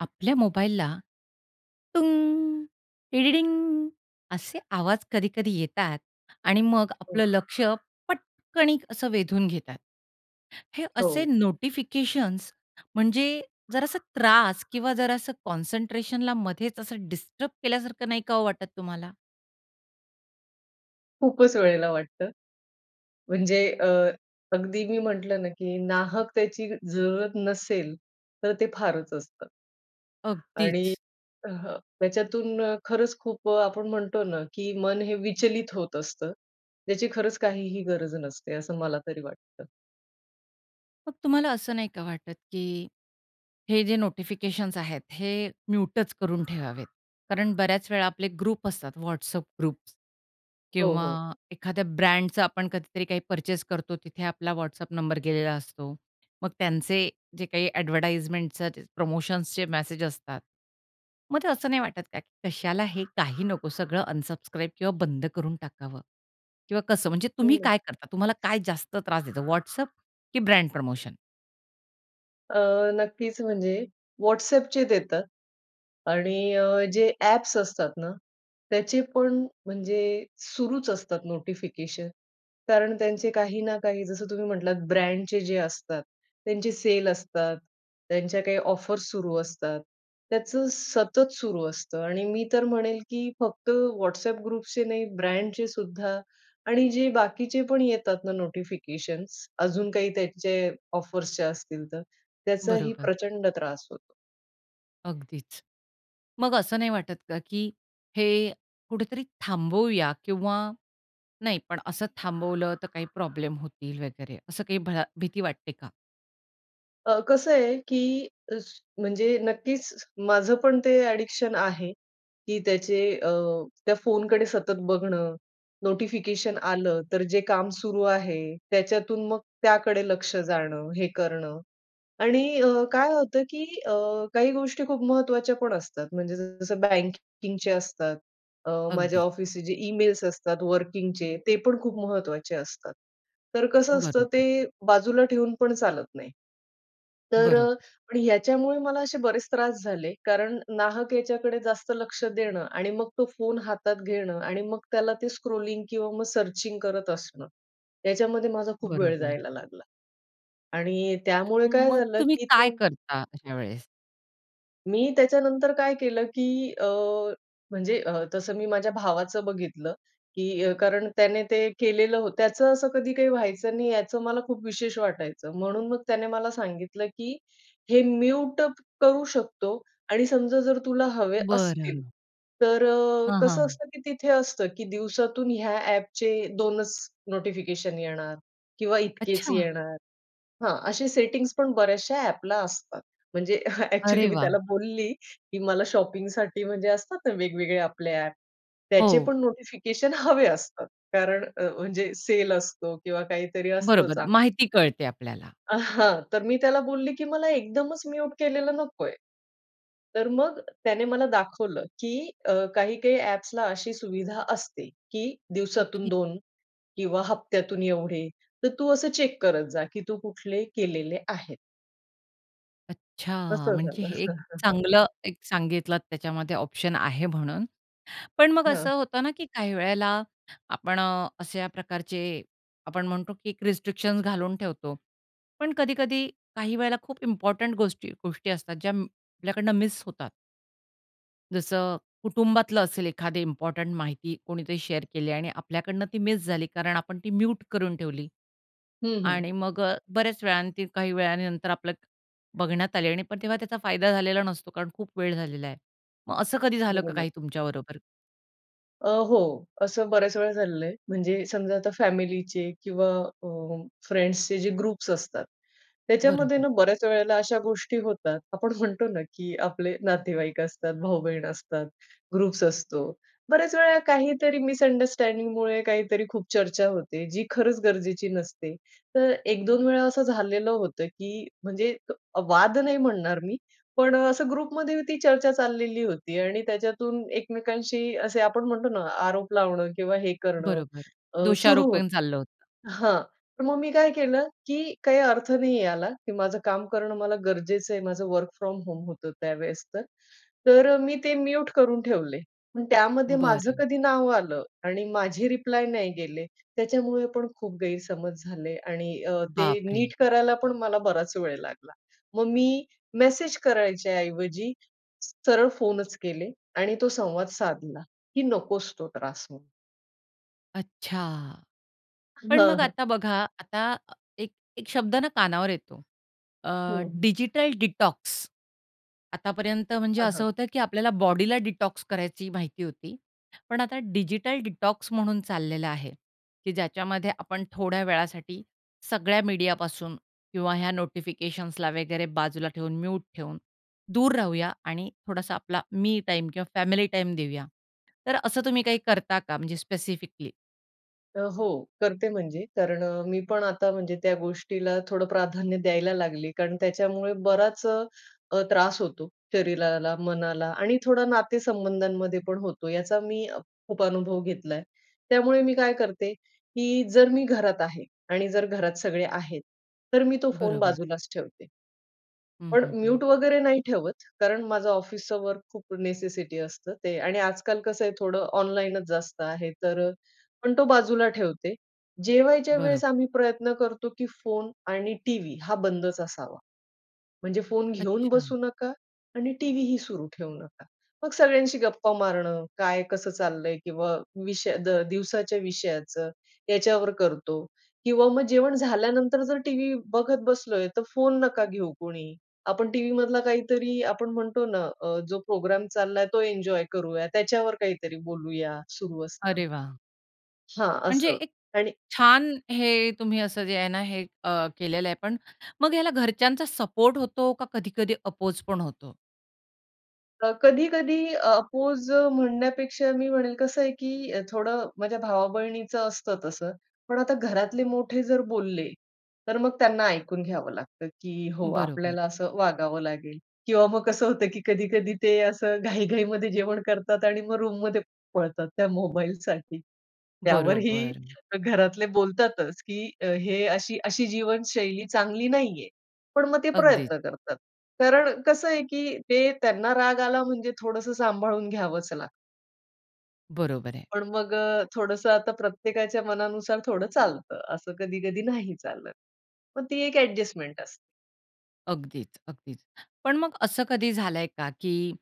आपल्या मोबाईलला असे आवाज कधी-कधी येतात आणि मग हो. आपलं लक्ष पटकन असं वेधून घेतात. हे असे हो. नोटिफिकेशन्स, म्हणजे जरा असं त्रास किंवा जरा असं कॉन्सन्ट्रेशनला मधेच असं डिस्टर्ब केल्यासारखं नाही काहो वाटत तुम्हाला? खूपच वेळेला वाटतं, म्हणजे अ, अगदी मी म्हटलं ना, की नाहकतेची जरूरत नसेल, तर ते फारच असतं. आणि अगदीच. अ, हं. याच्यातून खरंच खूप, आपण म्हणतो ना, की मन हे विचलित होत असतं. ज्याची खरंच काहीही गरज नसते, असं मला तरी वाटतं. मग तुम्हाला असं नाही का वाटत, की हे जे नोटिफिकेशन्स आहेत, हे म्यूटच करून ठेवावेत, कारण बऱ्याच वेळा आपले ग्रुप असतात, WhatsApp ग्रुप हो, किंवा हो. एखाद्या ब्रँडचं आपण कधीतरी काही पर्चेस करतो, तिथे आपला WhatsApp नंबर गेलेला असतो. मग त्यांचे जे काही एडव्हर्टाइजमेंट जे प्रमोशन्सचे मेसेज असतात. मग ते असं नाही वाटत का, की कशाला हे? काही नको, सगळं अनसब्स्क्राइब किंवा बंद करून टाकावं किंवा कसं? म्हणजे तुम्ही काय करता? तुम्हाला काय [unintelligible] जास्त त्रास देतो WhatsApp की ब्रँड प्रमोशन? अ, नक्कीच म्हणजे WhatsAppचे देतात. आणि अ, जे ॲप्स असतात ना त्याचे पण म्हणजे सुरूच असतात नोटिफिकेशन, कारण त्यांचे काही ना काही जसं तुम्ही म्हटलात ब्रँडचे जे असतात त्यांचे सेल असतात, त्यांच्या काही ऑफर्स सुरू असतात. त्याचं सतत सुरू असतं. आणि मी तर म्हणेल की फक्त WhatsApp ग्रुप्सचे नाही, ब्रँडचे सुद्धा आणि जे बाकीचे पण येतात ना नोटिफिकेशन्स अजून काही त्यांचे ऑफर्सचे असतील तर, त्याचाही बरोबर. प्रचंड त्रास होतो. अगदीच. मग असं नाही वाटत का, की हे कुठेतरी थांबवूया किंवा नाही पण असं थांबवलं, तर काही प्रॉब्लेम होतील वगैरे असं काही भळ भीती वाटते का? अ, कसं आहे की अस म्हणजे नक्कीच माझं पण ते एडिक्शन आहे की अ, त्याचे अ, त्या फोनकडे सतत बघणं, नोटिफिकेशन आलं तर जे काम सुरू आहे, त्याच्यातून मग त्याकडे लक्ष जाणं. हे करणं. आणि अ, काय होतं की अ, काही गोष्टी खूप महत्त्वाच्या पण असतात, म्हणजे जसं बँकिंगचे असतात, अ, माझ्या अगदीच. ऑफिसचे जे ईमेल्स असतात वर्किंगचे, ते पण खूप महत्त्वाचे असतात. तर कसं असतं ते बरोबर. बाजूला ठेवून पण चालत नाही. तर अ, बरोबर. पण याच्यामुळे मला असे बरेच त्रास झाले, कारण नाहक याच्याकडे जास्त लक्ष देणं आणि मग तो फोन हातात घेणं आणि मग त्याला ते स्क्रॉलिंग किंवा मग सर्चिंग करत असणं, याच्यामध्ये माझा खूप वेळ बरोबर. जायला लागला. आणि त्यामुळे काय मग झालं तुम्ही की काय तो करता अशा वेळेस? मी त्याच्यानंतर काय केलं, की अ, म्हणजे अ, तसं मी माझ्या भावाचं बघितलं, की अ, कारण त्याने ते केलेलं होतं. त्याचं असं कधी काही व्हायचं नाही, याचं मला खूप विशेष वाटायचं. म्हणून मग त्याने मला सांगितलं, की हे म्यूट करू शकतो आणि समजा जर तुला हवे असतील, बरं. तर अ, हां, कसं हां. असतं की तिथे असतं, की दिवसातून ह्या अ‍ॅपचे 2च नोटिफिकेशन येणार किंवा इतकेच अच्छा! येणार. हां, असे सेटिंग्स पण बऱ्याचश्या अ‍ॅपला असतात. म्हणजे अ‍ॅक्चुअली अरे, मी त्याला वाह! बोलली की मला शॉपिंगसाठी म्हणजे असतात ना, वेगवेगळे आपले अ‍ॅप त्याचे हो. पण नोटिफिकेशन हवे असतात, कारण अ‍, म्हणजे सेल असतो किंवा काहीतरी असतं बरोबर, चांगलं. माहिती कळते आपल्याला. आ, हां. तर मी त्याला बोलली की मला एकदमच म्यूट केलेलं नकोय. तर मग त्याने मला दाखवलं, की अ, काही-काही अ‍ॅप्सला अशी सुविधा असते की ओके. दिवसातून 2 किंवा हप्त्यातून एवढे. तर तू असं चेक करत जा, की तू कुठले केलेले आहेत. अच्छा! असं म्हणजे झालं. हे एक चांगलं एक सांगितलत त्याच्यामध्ये ऑप्शन आहे म्हणून. पण मग हां. असं होतं ना, की काही वेळेला आपण अ, अश्या प्रकारचे आपण म्हणतो की एक रिस्ट्रिक्शन्स घालून ठेवतो. पण कधी-कधी, काही वेळेला खूप इम्पोर्टंट गोष्टी गोष्टी असतात ज्या अं, आपल्याकडनं मिस होतात. जसं कुटुंबातलं असेल एखादी इम्पॉर्टंट माहिती कोणीतरी शेअर केली आणि आपल्याकडनं ती मिस झाली कारण आपण ती म्यूट करून ठेवली हं, हं. आणि मग बऱ्याच वेळा ती काही वेळानंतर आपलं बघण्यात आली आणि पण तेव्हा त्याचा फायदा झालेला नसतो. कारण खूप वेळ झालेला आहे. मग असं कधी झालं का बरोबर. काही तुमच्याबरोबर? अ, हो. असं बऱ्याच वेळा झालेलं आहे. म्हणजे समजा आता फॅमिलीचे किंवा अ, फ्रेंड्सचे जे ग्रुप्स असतात. त्याच्यामध्ये बरोबर. ना बऱ्याच वेळेला अशा गोष्टी होतात. आपण म्हणतो ना, की आपले नातेवाईक असतात, भाऊ-बहीण असतात, ग्रुप्स असतो. बऱ्याच वेळेला काहीतरी मिसअंडरस्टँडिंगमुळे काहीतरी खूप चर्चा होते, जी खरंच गरजेची नसते. तर 1-2वेळा असं झालेलं होतं, की म्हणजे अ, वाद नाही म्हणणार मी. पण असं ग्रुपमध्ये ती चर्चा चाललेली होती आणि त्याच्यातून एकमेकांशी असे आपण म्हणतो ना, आरोप लावणं किंवा हे करणं बरोबर, अ, सुरु दोषारोपण होतं चाललं होतं. हां तर मग मी काय केलं, की काही अर्थ नाही याला, की माझं काम करणं मला गरजेचं आहे. माझं वर्क फ्रॉम होम होतं त्यावेळेस तर. तर मी ते म्युट करून ठेवले. पण त्यामध्ये माझं बरं. कधी नाव आलं आणि माझे रिप्लाय नाही गेले. त्याच्यामुळेपण खूप गैरसमज झाले आणि अ, ते बापरे! नीट करायला पण मला बराच वेळ लागला. मग मी मेसेज करायच्याऐवजी सरळ फोनच केले आणि तो संवाद साधला, की नकोस तो त्रास म्हणून. अच्छा. हं, पण मग हं. आता बघा, आता एक एक शब्द ना कानावर येतो. अ, हं, हं. Digital detox. आतापर्यंत म्हणजे हां, हां. असं होतं, की आपल्याला बॉडीला डिटॉक्स करायची माहिती होती. पण आता डिजिटल डिटॉक्स म्हणून चाललेलं आहे, की ज्याच्यामध्ये आपण थोड्या वेळासाठी सगळ्या मीडियापासून किंवा ह्या नोटिफिकेशन्सला वगैरे बाजूला ठेवून म्यूट ठेवून, दूर राहूया आणि थोडासा आपला मी टाईम किंवा फॅमिली टाईम देऊया. तर असं तुम्ही काही करता का म्हणजे स्पेसिफिकली? तर हो, करते म्हणजे कारण मी पण आता म्हणजे त्या गोष्टीला थोडं प्राधान्य द्यायला लागली. कारण त्याच्यामुळे बराच अ, अ, त्रास होतो शरीराला मनाला आणि थोडा नातेसंबंधांमध्ये पण होतो, याचा मी खूप अनुभव घेतलाय आहे. त्यामुळे मी काय करते, की जर मी घरात आहे आणि जर घरात सगळे आहेत. तर मी तो फोन बरोबर. बाजूलाच ठेवते. हं, पण हं, हं म्यूट वगैरे नाही ठेवत. कारण माझं ऑफिसच वर्क खूप नेसेसिटी असतं ते आणि आजकाल कसं आहे थोडं ऑनलाईनच जास्त आहे. तर पण तो बाजूला ठेवते. जेवायच्या वेळेस बरोबर. आम्ही प्रयत्न करतो, की फोन आणि टीव्ही हा बंदच असावा. म्हणजे फोन घेऊन अच्छा. बसू नका आणि टीव्हीही सुरू ठेवू नका. मग सगळ्यांशी गप्पा मारणं, काय कसं चाललंय? किंवा विषय द दिवसाच्या विषयाचं, याच्यावर करतो किंवा मग जेवण झाल्यानंतर जर टीव्ही बघत बसलोय तर फोन नका घेऊ कोणी, आपण टीव्ही मधला काहीतरी आपण म्हणतो ना, अ, जो प्रोग्राम चालला तो एन्जॉय करूया त्याच्यावर काहीतरी बोलूया सुरू अरे असताना. वाह! हां, म्हणजे असं एक आणि छान, हे तुम्ही असं जे आहे ना हे, अ, केलेलं आहे पण मग ह्याला घरच्यांचा सपोर्ट होतो का, कधी-कधी अपोज पण होतो? अ, कधी-कधी अपोज म्हणण्यापेक्षा मी म्हणेल कसं आहे, की थोडं माझ्या भावा-बहिणीचं असतं तसं, पण आता घरातले मोठे जर बोलले तर मग त्यांना ऐकून घ्यावं लागतं, की हो बरोबर. आपल्याला असं वागावं लागेल किंवा मग कसं होतं, की कधी-कधी ते असं घाई-घाईमध्ये जेवण करतात आणि मग रूममध्ये पळतात त्या मोबाईलसाठी. त्यावरही बरोबर. घरातले बोलतातच, की हे अशी-अशी जीवनशैली चांगली नाहीये. पण मग ते अगदीच. प्रयत्न करतात. कारण कसं आहे, की ते त्यांना राग आला म्हणजे थोडसं सांभाळून घ्यावंच लागतं. बरोबर आहे. पण मग अ, थोडंसं आता प्रत्येकाच्या मनानुसार थोडं चालत असं कधी-कधी नाही चालत. मग ती एक अडजस्टमेंट असते. अगदीच अगदीच. पण मग असं कधी झालंय का की,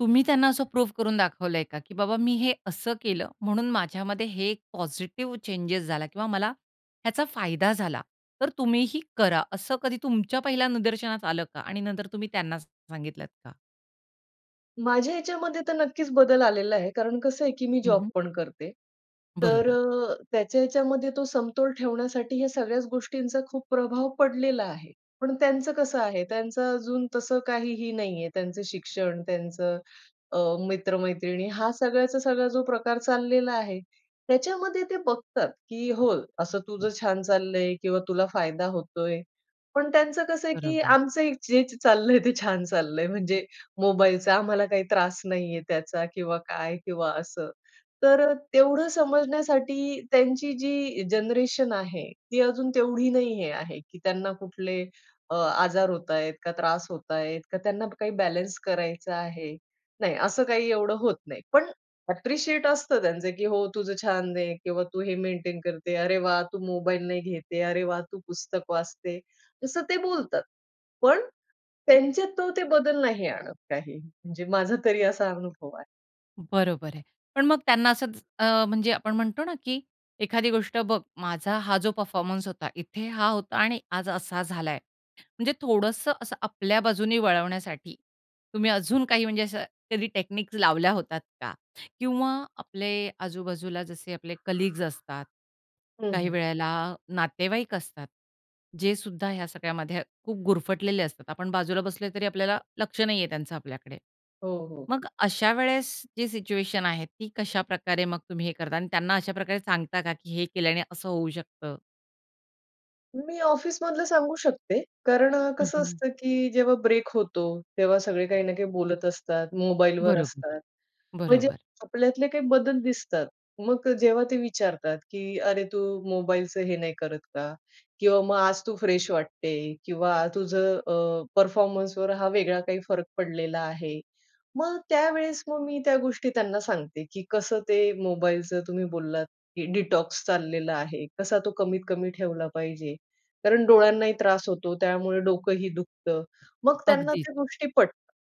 तुम्ही त्यांना असं प्रूफ करून दाखवलंय का, की बाबा मी हे असं केलं म्हणून माझ्यामध्ये हे पॉझिटिव्ह चेंजेस झाला किंवा मला ह्याचा फायदा झाला तर तुम्ही ही करा. असं कधी तुमच्या पहिल्या निदर्शनास आलं का? आणि नंतर तुम्ही त्यांना सा सांगितलत का? माझ्या ह्याच्यामध्ये तर नक्कीच बदल आलेला आहे, कारण कसं आहे की मी हं, जॉब हं. पण करते. तर बरोबर. अ, त्याच्या ह्याच्या मध्ये तो समतोल ठेवण्यासाठी या सगळ्याच गोष्टींचा खूप प्रभाव पडलेला आहे, पण त्यांचं कसं आहे? त्यांचं अजून तसं काहीही नाही आहे. त्यांचं शिक्षण, त्यांचं अ, मित्र-मैत्रिणी हा सगळ्याचा सगळा जो प्रकार चाललेला आहे, त्याच्यामध्ये ते बघतात, की हो असं तुझं छान चाललंय किंवा तुला फायदा होतोय. पण त्यांचं कसं आहे की बरोबर. आमचं जे चाललंय ते छान चाललंय, म्हणजे मोबाईलचा आम्हाला काहीतरी त्रास नाहीये त्याचा किंवा काय किंवा असं. तर तेवढं समजण्यासाठी त्यांची जी जनरेशन आहे ती अजून तेवढी नाही हे आहे, की त्यांना कुठले अ, आजार होत आहेत का? त्रास होत आहेत का? त्यांना काही बॅलन्स करायचा आहे? नाही, असं काही एवढं होत नाही, पण ॲप्रिशिएट असतं त्यांचं की हो तुझं छान आहे किंवा तू हे मेंटेन करते. अरे वाह! तू मोबाईल नाही घेते. अरे वाह! तू पुस्तक वाचते. तसं ते बोलतात, पण त्यांच्यात तो ते बदल नाही आणत काही, म्हणजे माझा तरी असा अनुभव आहे. बरोबर आहे. पण मग त्यांना असंच अ, म्हणजे आपण म्हणतो ना, की एखादी गोष्ट बघ माझा हा जो परफॉर्मन्स होता, इथे हा होता आणि आज असा झालाय. म्हणजे थोडंसं असं आपल्या बाजूने वळवण्यासाठी तुम्ही अजून काही म्हणजे असं कधी टेक्निक लावल्या होतात का? किंवा आपले आजूबाजूला जसे आपले कलीग्स असतात. हं, काही हं. वेळेला नातेवाईक असतात, जे सुद्धा ह्या सगळ्यामध्ये खूप गुरफटलेले असतात. आपण बाजूला बसले तरी आपल्याला लक्ष नाहीये त्यांचं आपल्याकडे. हो, हो. मग अशा वेळेस जी सिच्युएशन आहे, ती कशाप्रकारे मग तुम्ही हे करता? आणि त्यांना अशा प्रकारे सांगता का, की हे केल्याने असं होऊ शकतं? मी ऑफिसमधलं सांगू शकते. कारण ठीक कसं ना. असतं, की जेव्हा ब्रेक होतो तेव्हा सगळे काही ना काही बोलत असतात, मोबाईलवर बरोबर, असतात. म्हणजे बरोबर. आपल्यातले काही बदल दिसतात मग जेव्हा ते विचारतात, की "अरे, तू मोबाईलचं हे नाही करत का किंवा मग आज तू "फ्रेश" वाटते किंवा तुझं अ, "परफॉर्मन्सवर" हा वेगळा काही फरक पडलेला आहे." मग त्यावेळेस मग मी त्या गोष्टी त्यांना सांगते, की "कसं ते मोबाईलचं तुम्ही बोललात, की "डिटॉक्स" चाललेला आहे. कसा तो कमीत कमी ठेवला पाहिजे. कारण डोळ्यांनाही त्रास होतो, त्यामुळे डोकंही दुखतं." मग त्यांना अगदीच. त्या गोष्टी पटतात.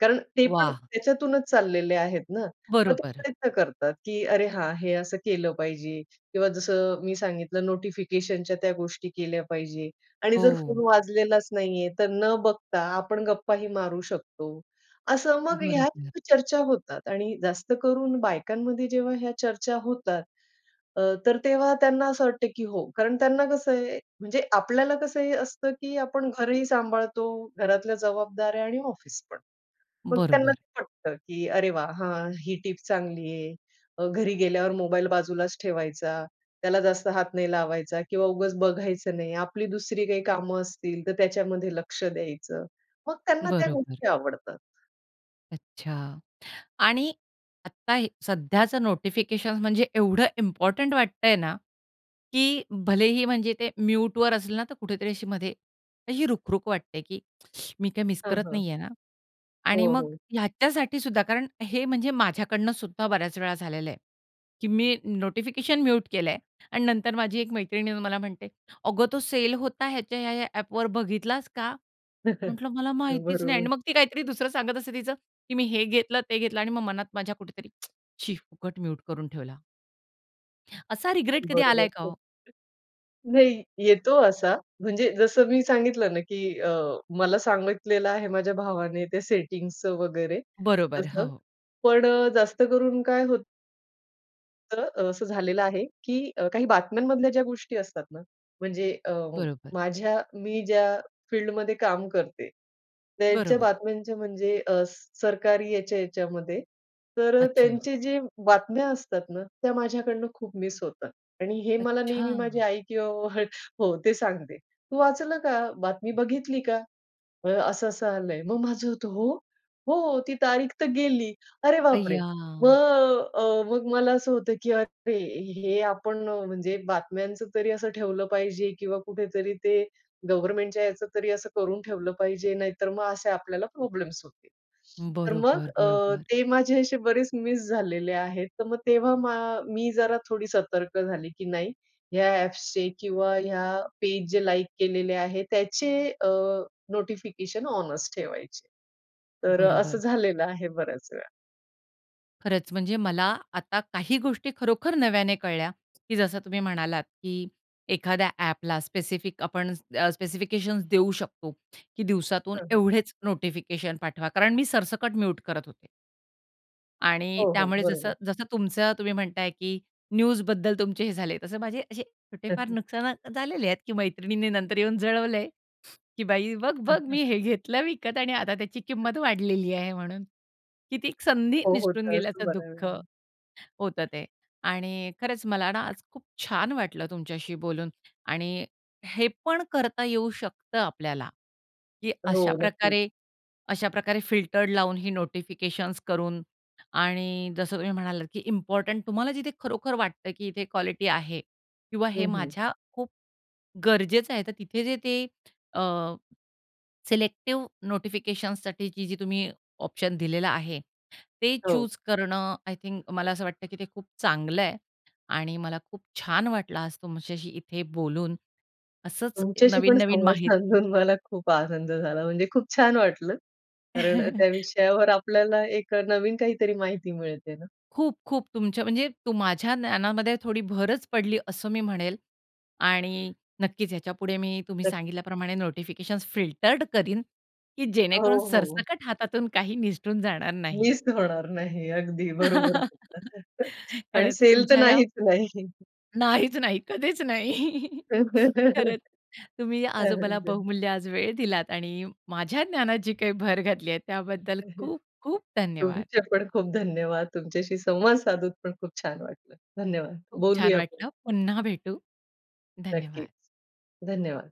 कारण ते पण वाह! त्याच्यातूनच चाललेले आहेत ना, मग ते बरोबर. प्रयत्न करतात, की अरे, हां, हे असं केलं पाहिजे किंवा जसं मी सांगितलं नोटिफिकेशनच्या त्या गोष्टी केल्या पाहिजे आणि जर फोन हो. वाजलेलाच नाहीये तर न बघता आपण गप्पाही मारू शकतो. असं, मग ह्या बरोबर. चर्चा होतात आणि जास्त करून बायकांमध्ये जेव्हा ह्या चर्चा होतात अ, तर तेव्हा त्यांना असं वाटतं, की हो. कारण त्यांना कसं आहे. म्हणजे आपल्याला कसं ही असतं, की आपण घरही सांभाळतो, घरातल्या जबाबदाऱ्या आणि ऑफिस पण. मग त्यांना बरोबर. ते पटतं, की अरे, वाह! हा, ही टीप चांगली आहे अ, घरी गेल्यावर मोबाईल बाजूलाच ठेवायचा, त्याला जास्त हात नाही लावायचा किंवा उगीच बघायचं नाही. आपली दुसरी काही कामं असतील तर त्याच्यामध्ये लक्ष द्यायचं. मग त्यांना त्या बरोबर. गोष्टी आवडतात. अच्छा. आणि आत्ता हे सध्याचं नोटिफिकेशन्स म्हणजे एवढं इम्पोर्टंट वाटतंय ना, की भलेही म्हणजे ते म्यूटवर असलं ना तर कुठेतरी अशी मध्ये अशी रुखरुख वाटते, की मी काही मिस हं, करत हं. नाही आहे ना? आणि हो, मग हो. ह्याच्यासाठी सुद्धा कारण हे म्हणजे माझ्याकडनंसुद्धा बऱ्याच वेळा झालेलं आहे, की मी नोटिफिकेशन म्यूट केलंय आणि नंतर माझी एक मैत्रीण येऊन मला म्हणते, "अगं तो सेल होता ह्याच्या ह्या-ह्या ॲपवर बघितलास का?" म्हंटलं, "मला हो, माहितीच नाही" आणि बरोबर. मग ती काहीतरी दुसरं सांगत असते तिचं, की "मी हे घेतलं, ते घेतलं" आणि मग मनात माझ्या कुठेतरी, "शी फुकट म्यूट करून ठेवला." असा रिग्रेट कधी आलाय बरोबर. का हो? [unintelligible] नाही येतो असा म्हणजे जसं मी सांगितलं ना, की अ, मला सांगितलेलं आहे माझ्या भावाने त्या सेटिंग्सच वगैरे बरोबर, तसं. हां. पण अ, जास्त करून काय होतं तर असं झालेलं आहे, की काही बातम्यांमधल्या ज्या गोष्टी असतात ना, म्हणजे अ, बरोबर. माझ्या मी ज्या फील्डमध्ये काम करते त्यांच्या बरोबर. बातम्यांच्या म्हणजे अ, स सरकारी याच्या याच्यामध्ये तर अच्छा. त्यांचे जे बातम्या असतात ना, त्या माझ्याकडून खूप मिस होतात आणि हे मला नेहमी माझी अच्छा. आई किंवा [unintelligible] हो, ते सांगते, "तू वाचलं का? बातमी बघितली का? अ, असं असं आलंय." मग माझं होतं, "हो?" "हो, ती तारीख तर गेली." अरे बापरे! अय्या! मग अ, मग मला असं होतं, की "अरे! हे आपण म्हणजे बातम्यांचं तरी असं ठेवलं पाहिजे किंवा कुठेतरी ते गव्हर्नमेंटच्या याचं तरी असं करून ठेवलं पाहिजे. नाहीतर मग असे आपल्याला प्रॉब्लेम्स होतील." तर मग बरोबर, अ, बरोबर. ते माझे असे बरेच मिस झालेले आहेत. तर मग तेव्हा मा मी जरा थोडी सतर्क झाली, की नाही, ह्या ॲप्सचे किंवा या पेज जे लाईक केलेले आहेत त्याचे अ, नोटिफिकेशन ऑनच ठेवायचे. तर असं बरोबर. झालेलं आहे बऱ्याच वेळा. खरंच, म्हणजे मला आता काही गोष्टी खरोखर नव्याने कळल्या, की जसं तुम्ही म्हणालात, की एखाद्या ॲपला स्पेसिफिक आपणचं द स्पेसिफिकेशन्स देऊ शकतो, की दिवसातून हं. हं. एवढेच नोटिफिकेशन पाठवा, कारण मी सरसकट म्यूट करत होते. आणि हो, हो, त्यामुळे जसं बरोबर. जसं तुमचं, तुम्ही म्हणताय, की न्यूजबद्दल तुमचे हे झाले, तसं माझे असे छोटे फार नुकसानात झालेले आहेत, की मैत्रिणींनी नंतर येऊन जळवल आहे, की बाई बघ-बघ मी हे घेतलं विकत आणि आता त्याची किंमत वाढलेली आहे म्हणून. की ती संधी हो, हो. तर निसटून असतो तर असतोच गेल्याचं दुःख, बऱ्यावेळानं. होतं ते. आणि खरंच मला ना, आज खूप छान वाटलं तुमच्याशी बोलून आणि हे पण करता येऊ शकतं आपल्याला, की हो नक्की. अशाप्रकारे अशाप्रकारे फिल्टर्ड लावून ही नोटिफिकेशन्स करून आणि जसं तुम्ही म्हणालात की इम्पॉर्टंट तुम्हाला जिथे खरोखर वाटतं की इथे क्वालिटी आहे. किंवा हे हं. हं. माझ्या खूप ...गरजेचं आहे, तर तिथे जे ते अ, सिलेक्टिव नोटिफिकेशन्ससाठीची जी तुम्ही ऑप्शन दिलेलं आहे ते हो. चूज करणं, आय थिंक मला असं वाटतं की ते खूप चांगलं आहे. आणि मला खूप छान वाटलं आज तुमच्याशी इथे बोलून. असंच तुमच्याशी पण नवीन-नवीन संवाद माहि साधून मला खूप आनंद झाला, म्हणजे खूप छान वाटलं. कारण त्या विषयावर आपल्याला एक नवीन काही तरी माहिती मिळते ना. खूप-खूप तुमच्या म्हणजे तू माझ्या ज्ञानामध्ये थोडी भरच पडली, असं मी म्हणेल. आणि नक्कीच याच्यापुढे मी तुम्ही नक्क. सांगितल्याप्रमाणे नोटिफिकेशन्स फिल्टर्ड करीन, की अ, जेणेकरून हो, हो. सरसकट हातातून काही निसटून जाणार नाही. मिस होणार नाही, अगदी बरोबर बोलतात आणि खरंच सेल तर तुमच्या या नाहीच नाही. नाहीच नाही, कधीच नाही. खरंच, तुम्ही ते आज मला हरिजन बहुमूल्य आज वेळ दिलात आणि माझ्या ज्ञानात जी काही भर घातली आहे, त्याबद्दल खूप-खूप धन्यवाद! तुमचे पण खूप धन्यवाद. तुमच्याशी संवाद साधूत पण खूप छान वाटलं. धन्यवाद. खूप छान बोलूया आपण. वाटलं. पुन्हा भेटू. नक्कीच. धन्यवाद! धन्यवाद!